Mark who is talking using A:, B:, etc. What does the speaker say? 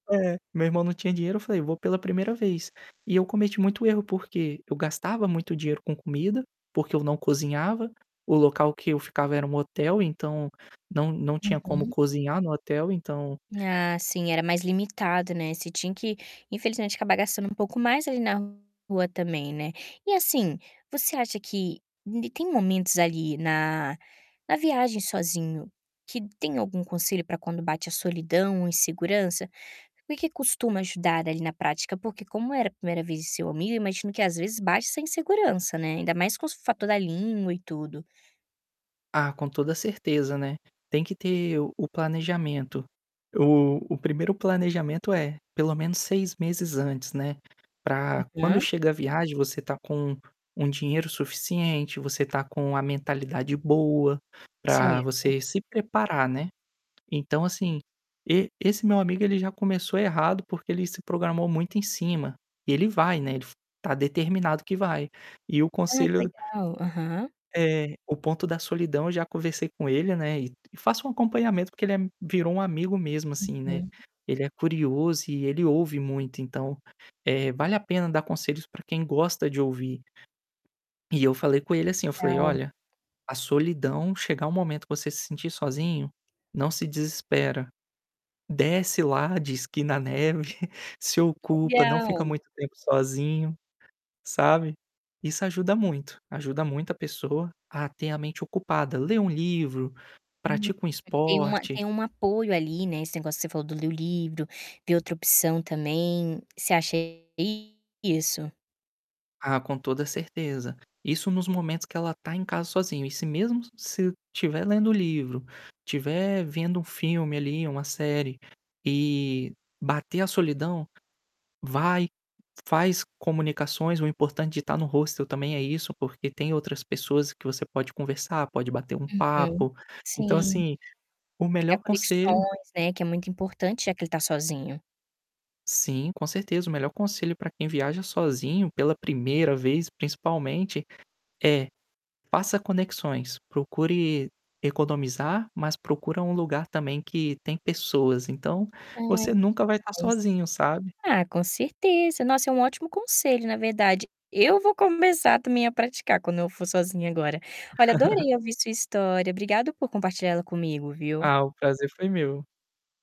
A: É, meu irmão não tinha dinheiro, eu falei: "Vou pela primeira vez." E eu cometi muito erro porque eu gastava muito dinheiro com comida, porque eu não cozinhava, o local que eu ficava era um hotel, então, não não tinha como
B: Uhum.
A: cozinhar no hotel, então
B: Ah, sim. Era mais limitado, né, você tinha que infelizmente acabar gastando um pouco mais ali na rua também, né. E assim, você acha que [unintelligible] tem momentos ali na na viagem sozinho que tem algum conselho pra quando bate a solidão ou insegurança? Por que costuma ajudar ali na prática? Porque como era a primeira vez de seu amigo eu imagino que às vezes bate essa insegurança, né, ainda mais com o s fator da língua e tudo.
A: Ah, com toda a certeza, né. Tem que ter o o planejamento. O o primeiro planejamento é menos 6 meses antes, né, pra quando
B: Uhum.
A: chega a viagem você estar com um dinheiro suficiente, você estar com a mentalidade boa, pra
B: Certo.
A: você se preparar, né. Então, assim, e esse meu amigo ele já começou errado porque ele se programou muito em cima. Ele vai, né, ele f está determinado que vai. E o
B: Ai, que
A: conselho d
B: legal. Aham.
A: É, o ponto da solidão, eu já conversei com ele, né, e faço um acompanhamento porque ele é virou um amigo mesmo, assim, né.
B: Uhum.
A: Ele é curioso e ele ouve muito, então, eh, vale a pena dar conselhos pra quem gosta de ouvir. E eu falei com ele, assim, eu falei:
B: Gal
A: "Olha, a solidão chegar um momento que você se sentir sozinho, não se desespera. Desce lá de esqui na neve, se
B: Que
A: ocupa, não fica
B: legal!
A: muito tempo sozinho", sabe. Isso ajuda muito, ajuda muito a pessoa a ter a mente ocupada. Lê um livro,
B: Hum,
A: pratica um
B: tem uma
A: esporte.
B: tem um apoio ali, né, esse negócio que você falou do ler o livro, ver outra opção também. Você acha isso?
A: Ah, com toda a certeza. Isso nos momentos que ela tá em casa sozinho e se mesmo se estiver lendo o livro, estiver vendo um filme ali, uma série e bater a solidão, vai, faz comunicações, o importante de estar no hostel também é isso, porque tem outras pessoas que você pode conversar, pode bater um
B: Uhum,
A: papo. Então,
B: sim.
A: assim, o
B: Criar
A: melhor conselho
B: conexões, né, que é muito importante já que ele tá sozinho.
A: Sim, com certeza, o melhor conselho para quem viaja sozinho pela primeira vez, principalmente, é: Faça conexões, procure economizar, mas procura um lugar também que tem pessoas então,
B: Ai,
A: você
B: que
A: nunca vai estar
B: demais.
A: sozinho, sabe?
B: Ah, com certeza. Nossa, é um ótimo conselho, na verdade. Eu vou começar também a praticar quando eu for sozinha agora. Olha, adorei ouvir sua história. Obrigado por compartilhar ela comigo, viu.
A: Ah, o prazer foi meu.